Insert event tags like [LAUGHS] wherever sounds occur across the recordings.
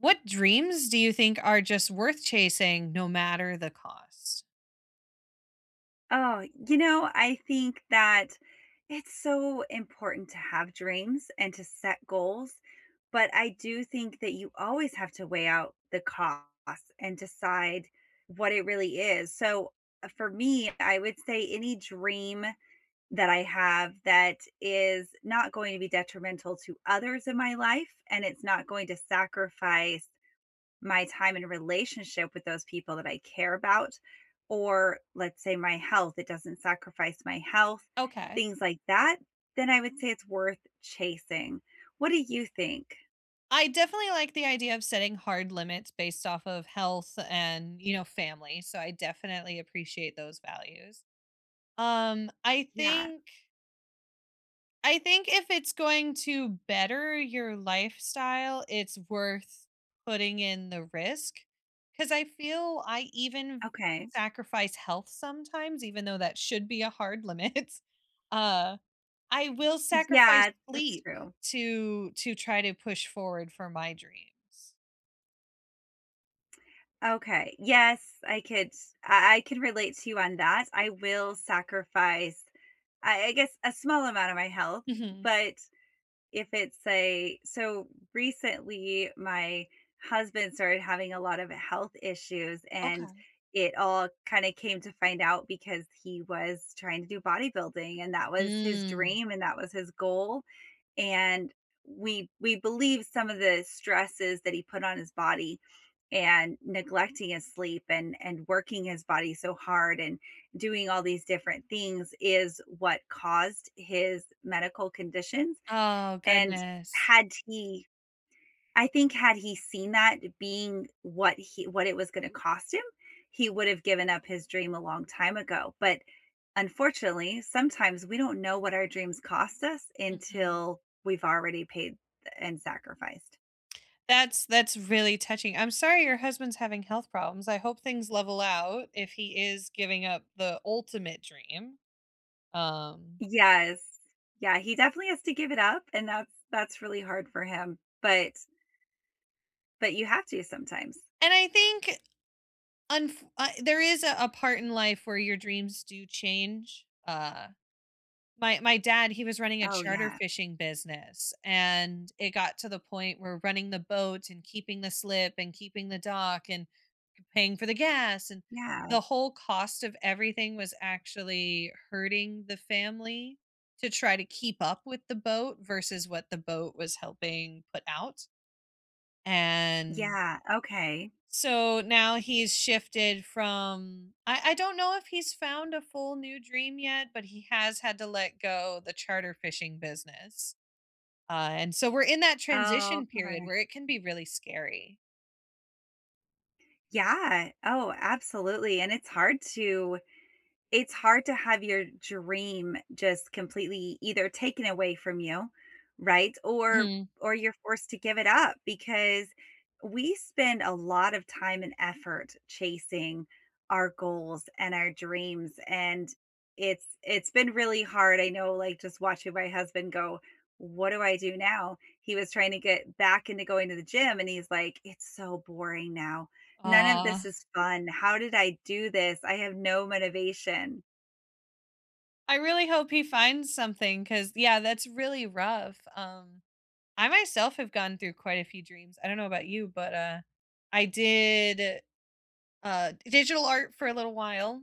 What dreams do you think are just worth chasing, no matter the cost? Oh, you know, I think that it's so important to have dreams and to set goals, but I do think that you always have to weigh out the costs and decide what it really is, so, uh, for me, I would say any dream that I have that is not going to be detrimental to others in my life, and it's not going to sacrifice my time and relationship with those people that I care about, or let's say my health, it doesn't sacrifice my health, Okay. things like that, then I would say it's worth chasing. What do you think? I definitely like the idea of setting hard limits based off of health and, you know, family, so I definitely appreciate those values. Um, I Yeah. think I think if it's going to better your lifestyle, it's worth putting in the risk, 'cause I feel I even Okay. sacrifice health sometimes, even though that should be a hard limit. Uh, I will sacrifice Yeah, that's sleep true. to to try to push forward for my dreams. Okay, yes, I could I I could relate to you on that. I will sacrifice, I I guess, a small amount of my health, Mhm. but if it's a So, recently, my husband started having a lot of health issues and Okay. it all kinda came to find out, because he was trying to do bodybuilding; and that was his Mm. dream and that was his goal, and we we believe some of the stresses that he put on his body, and neglecting his sleep, and and working his body so hard, and doing all these different things is what caused his medical conditions, Oh and goodness. had he I think had he seen that being what he what it was gonna cost him, he would have given up his dream a long time ago, but, unfortunately, sometimes we don't know what our dreams cost us Mhm. until we've already paid and sacrificed. That's that's really touching. I'm sorry your husband's having health problems, I hope things level out if he is giving up the ultimate dream, um Yes, yeah, he definitely has to give it up, and that's that's really hard for him, but but you have to sometimes. And, I think, unf Uh, there is a a part in life where your dreams do change. Uh, my my dad, he was running a Oh, charter yeah. fishing business, and it got to the point where running the boat, and keeping the slip, and keeping the dock, and p paying for the gas, and Yeah. the whole cost of everything was actually hurting the family to try to keep up with the boat versus what the boat was helping put out, and Yeah, okay. so now he's shifted from I I don't know if he's found a full new dream yet, but he has had to let go the charter fishing business, uh, and so we're in that Oh, transition period okay. where it can be really scary. Yeah, oh, absolutely, and it's hard to it's hard to have your dream just completely either taken away from you, right, or Hmm. or you're forced to give it up, because we spend a lot of time and effort chasing our goals and our dreams, and it's it's been really hard, I know, like, just watching my husband go, "What do I do now?" He was trying to get back into going to the gym and he's like, "It's so boring now. None of Aw. this is fun, how did I do this? I have no motivation." I really hope he finds something, 'cause, yeah, that's really rough, um. I myself have gone through quite a few dreams, I don't know about you, but, uh, I did, uh, digital art for a little while.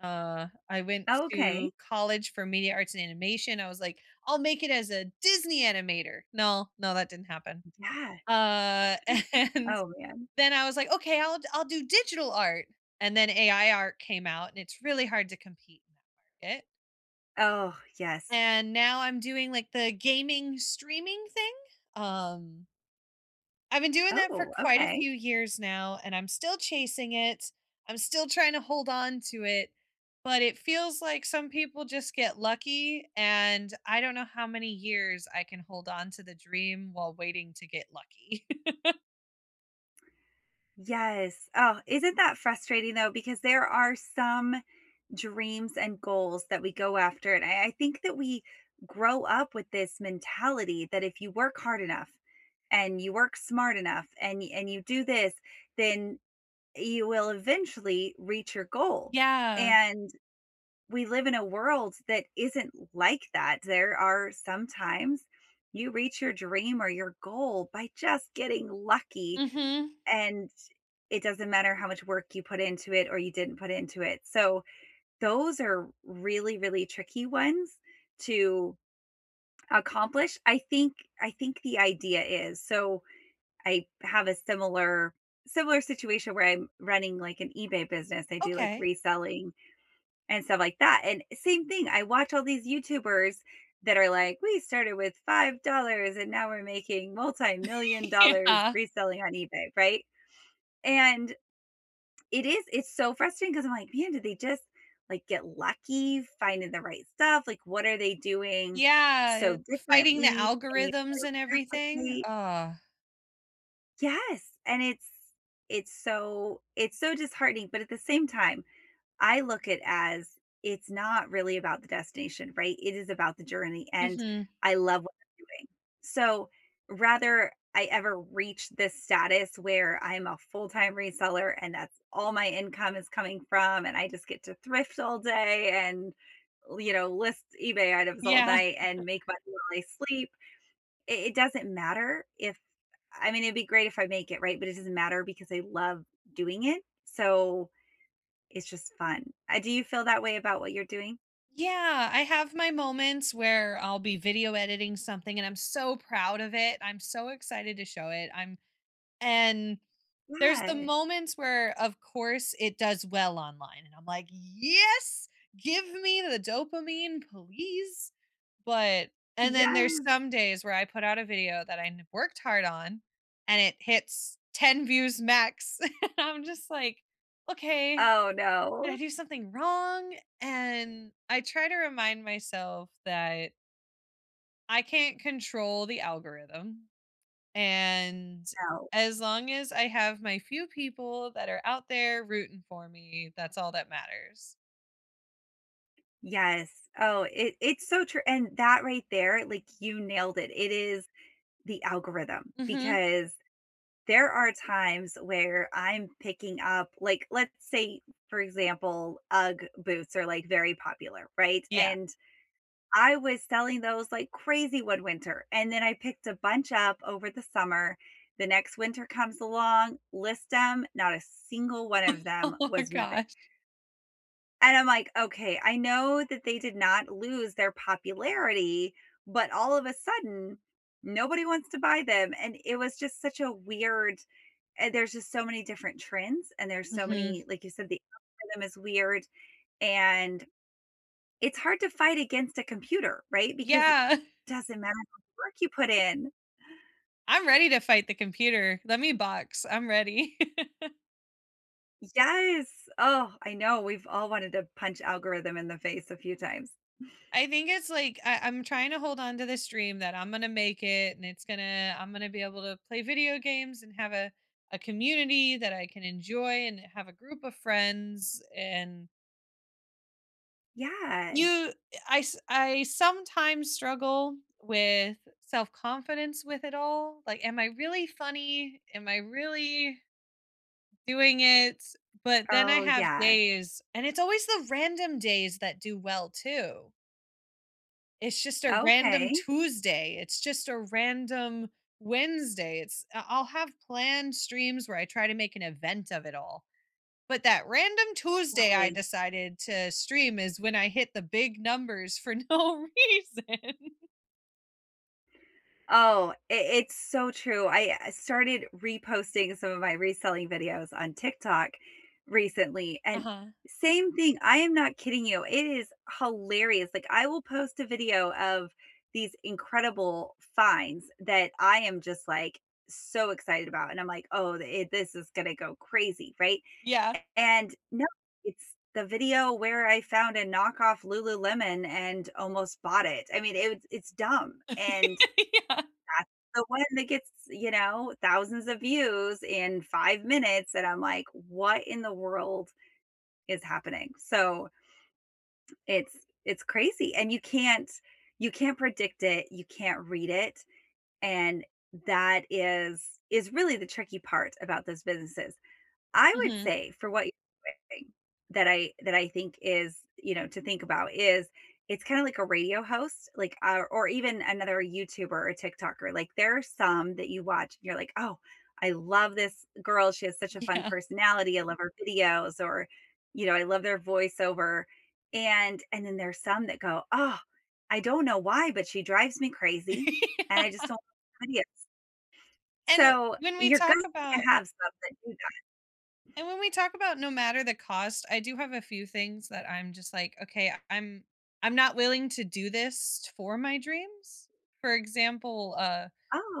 Uh, I went to Okay. college for media arts and animation, I was like, "I'll make it as a Disney animator!" No, no, that didn't happen. Yeah. [CHUCKLES] Uh, and Oh man. then I was like, "Okay, I'll d I'll do digital art!" And then AI art came out, and it's really hard to compete in that market. Oh, yes. And now I'm doing like the gaming streaming thing, um I've been doing that for Oh, quite a okay. few years now and I'm still chasing it, I'm still trying to hold on to it, but it feels like some people just get lucky and I don't know how many years I can hold on to the dream while waiting to get lucky. [LAUGHS] Yes, oh, isn't that frustrating, though, because there are some dreams and goals that we go after, and I I think that we grow up with this mentality, that if you work hard enough, and you work smart enough and y and you do this, then you will eventually reach your goal, Yeah. and we live in a world that isn't like that, there are some times you reach your dream or your goal by just getting lucky, Mhm. and it doesn't matter how much work you put into it or you didn't put into it, so those are really, really tricky ones to accomplish, I think I think the idea is so, I have a similar similar situation where I'm running like an eBay business, I do like Okay. reselling and stuff like that, and, eh, same thing, I watch all these YouTubers that are like, "We started with $5 and now we're making [LAUGHS] multi-million dollars Yeah. reselling on eBay," right? And it is, it's so frustrating, 'cause I'm like, "Man, did they just, like, get lucky finding the right stuff?" Like, "What are they doing Yeah, eh, so fighting the differently," and you algorithms and try to everything, replicate. ugh. Yes, and it's it's so it's so disheartening, but at the same time, I look it as, it's not really about the destination, right? It is about the journey, and Mhm. I love what I'm doing. So, rather I ever reach this status where I'm a full-time reseller and that's all my income is coming from, and I just get to thrift all day and, li know, list eBay items all Yeah. night and [CHUCKLES] make money while I sleep, i it doesn't matter if I mean, it'd be great if I make it, right? But it doesn't matter because I love doing it. So, it's just fun. I Do you feel that way about what you're doing? Yeah, I have my moments where I'll be video editing something and I'm so proud of it, I'm so excited to show it, I'm And there's the Yeah. moments where, of course, it does well online, and I'm like, "Yes, give me the dopamine, please," but and then there's Yes. some days where I put out a video that I kno worked hard on, and it hits 10 views max, [LAUGHS] I'm just like, "Okay, Oh, did I no. do something wrong?" And I try to remind myself that I can't control the algorithm, and No. as long as I have my few people that are out there rooting for me, that's all that matters. Yes, oh, it it's so true, and that right there, like, you nailed it, it is the algorithm, Mhm. because there are times where I'm picking up, like, let's say, for example, UGG boots are like very popular, right? Yeah. And I was selling those like crazy one winter, and then I picked a bunch up over the summer, the next winter comes along, list 'em, not a single one of [LAUGHS] them Oh was moving gosh. and I'm like, "Okay, I know that they did not lose their popularity, but all of a sudden, nobody wants to buy them," and it was just such a weird and there's just so many different trends, and there's so Mhm. many, like you said, the algorithm is weird, and it's hard to fight against a computer, right? Because it Yeah. [CHUCKLES] doesn't matter [UNINTELLIGIBLE] work you put in. I'm ready to fight the computer. Let me box, I'm ready. [LAUGHS] Yes! Oh, I know, we've all wanted to punch algorithm in the face a few times. [CHUCKLES] I think it's like, I I'm trying to hold on to this dream that I'm gonna make it and it's gonna I'm gonna be able to play video games and have a a community that I can enjoy and have a group of friends and Yeah. you I s I sometimes struggle with self-confidence with it all, like, "Am I really funny? Am I really" "doing it?" But then I Oh, have yeah. days and it's always the random days that do well too. It's just a random Okay. Tuesday, it's just a random Wednesday. It's I'll I'll have planned streams where I try to make an event of it all, but that random Tuesday I Right. decided to stream is when I hit the big numbers for no reason. Oh, it it's so true. I I started reposting some of my reselling videos on TikTok recently, and Uh-huh. same thing, I am not kidding you, it is hilarious, like I will post a video of these incredible finds that I am just, like, so excited about, and I'm like, "Oh, i this is gonna go crazy," right? Yeah. And no, it's the video where I found a knockoff Lululemon and almost bought it. I mean, it it's dumb, and [LAUGHS] Yeah. that's the one that gets, you know, thousands of views in 5 minutes, and I'm like, "What in the world is happening?" So it's it's crazy, and you can't you can't predict it, you can't read it, and that is is really the tricky part about this businesses. I would Mhm. say for what you're [UNINTELLIGIBLE] that I that I think is you know, to think about is it's kinda like a radio host, like, our or even another YouTuber or TikToker, like there are some that you watch, and you're like, "Oh, I love this girl, she has such a fun Yeah. personality, I love her videos," or, you know, "I love their voiceover," and and then there's some that go, "Oh, I don't know why, but she drives me crazy, and I just [LAUGHS] Yeah. don't like her videos." And So, when we you're talk going to about have stuff that. [UNINTELLIGIBLE] and when we talk about no matter the cost, I do have a few things that I'm just like, "Okay, I'm I'm not willing to do this for my dreams." For example, uh,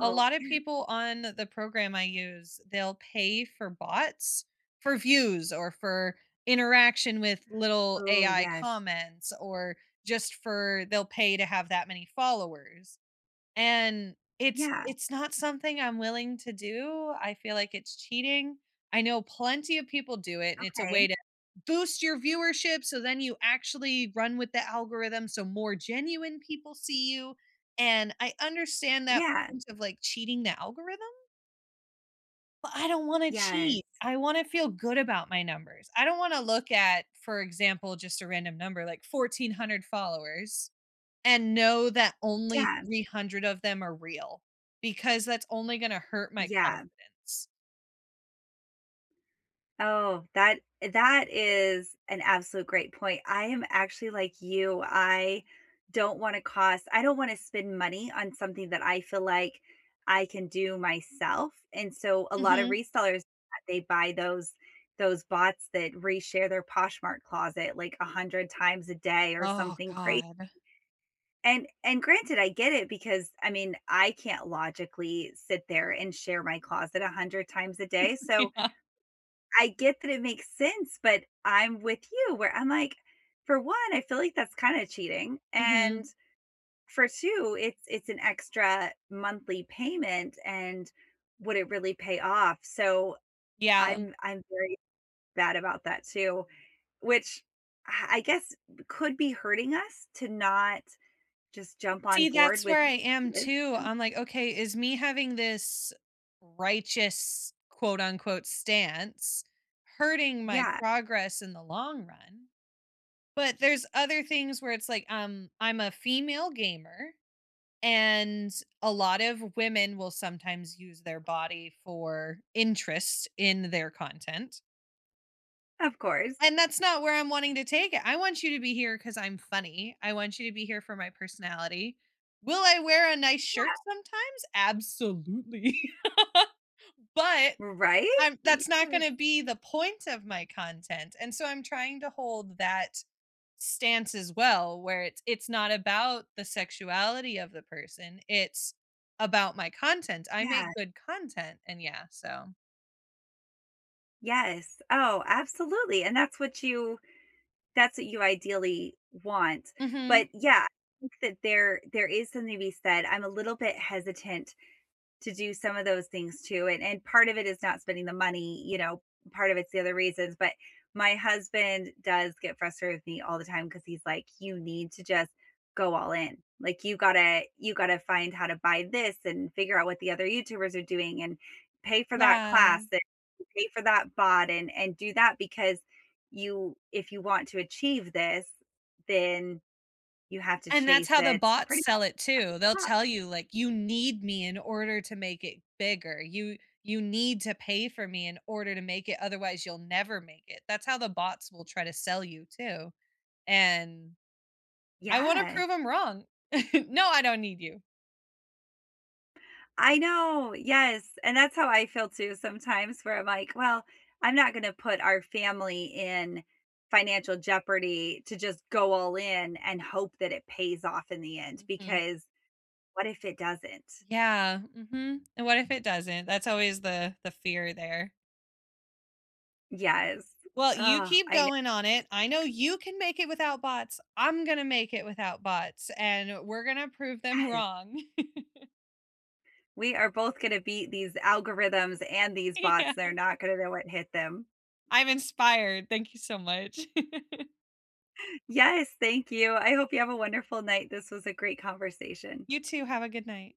a lot of yes. people on the program I use, they'll pay for bots, for views, or for interaction with little Ooh, AI yes. comments, or just for they'll pay to have that many followers, and it's Yeah. it's not something I'm willing to do. I feel like it's cheating. I know plenty of people do it, and it's a way Okay. to boost your viewership, so then you actually run with the algorithm, so more genuine people see you, and I understand that Yeah. point of like cheating the algorithm. But I don't wanna cheat. Yes. I wanna feel good about my numbers, I don't wanna look at, for example, just a random number, like 1400 followers, and know that only Yeah. 300 of them are real, because that's only gonna hurt my Yeah. confidence. Oh, that eh, that is an absolute great point, I am actually like you, I don't want to cost I don't want to spend money on something that I feel like I can do myself, and so a lotta Mhm. resellers, [UNINTELLIGIBLE] they buy those those bots that reshare their Poshmark closet like 100 times a day or Oh, something cra God. And and granted, I get it because, I mean, I can't logically sit there and share my closet 100 times a day, [CHUCKLES] so Yeah. I get that it makes sense, but I'm with you, where I'm like, for 1, I feel like that's kinda cheating, Mhm. and for 2, it's it's an extra monthly payment, and would it really pay off, so, Yeah. I'm I'm very bad about that too, which, uh, I guess could be hurting us to not just jump on See, board that's with where I am this too, and I'm like, okay, is me having this righteous, quote unquote "stance" hurting my Yeah. progress in the long run? But there's other things where it's like, um, I'm a female gamer, and a lot of women will sometimes use their body for interest in their content. Of course. And that's not where I'm wanting to take it. I want you to be here 'cause I'm funny, I want you to be here for my personality. Will I wear a nice shirt Yeah. sometimes? Absolutely. [LAUGHS] But Right? I'm that's not Yes. gonna be the point of my content, and so I'm trying to hold that stance as well, where it's it's not about the sexuality of the person, it's about my content, I Yeah. make good content, and yeah, so Yes, oh, absolutely, and that's what you that's what you ideally want, but Mhm. yeah, think that there there is something to be said I'm a little bit hesitant to do some of those things too, and and part of it is not spending the money, you know, part of it's the other reasons, but my husband does get frustrated with me all the time 'cause he's like, "You need to just go all in." Like you gotta you gotta find how to buy this and figure out what the other YouTubers are doing and pay for that Yeah. class and pay for that bot and and do that because you if you want to achieve this, then you have to And that's chase how the it bots pretty sell much it too. They'll nonstop. tell you, like, "You need me in order to make it bigger. You you need to pay for me in order to make it, otherwise you'll never make it." That's how the bots will try to sell you too, and I wanna Yeah. prove 'em wrong. [CHUCKLES] No, I don't need you! I know, yes, and that's how I feel too sometimes where I'm like, well, I'm not gonna put our family in financial jeopardy to just go all in and hope that it pays off in the end, Mhm. because what if it doesn't? Yeah, mhm. And what if it doesn't? That's always the the fear there. Yes, Well, you uh, keep I ne going on it, I know you can make it without bots, I'm gonna make it without bots, and we're gonna prove them Ye wrong. [CHUCKLES] We are both gonna beat these algorithms and these bots. Yeah. They're not gonna know what hit them. I'm inspired, thank you so much. [CHUCKLES] Yes, thank you. I hope you have a wonderful night. This was a great conversation. You too. Have a good night.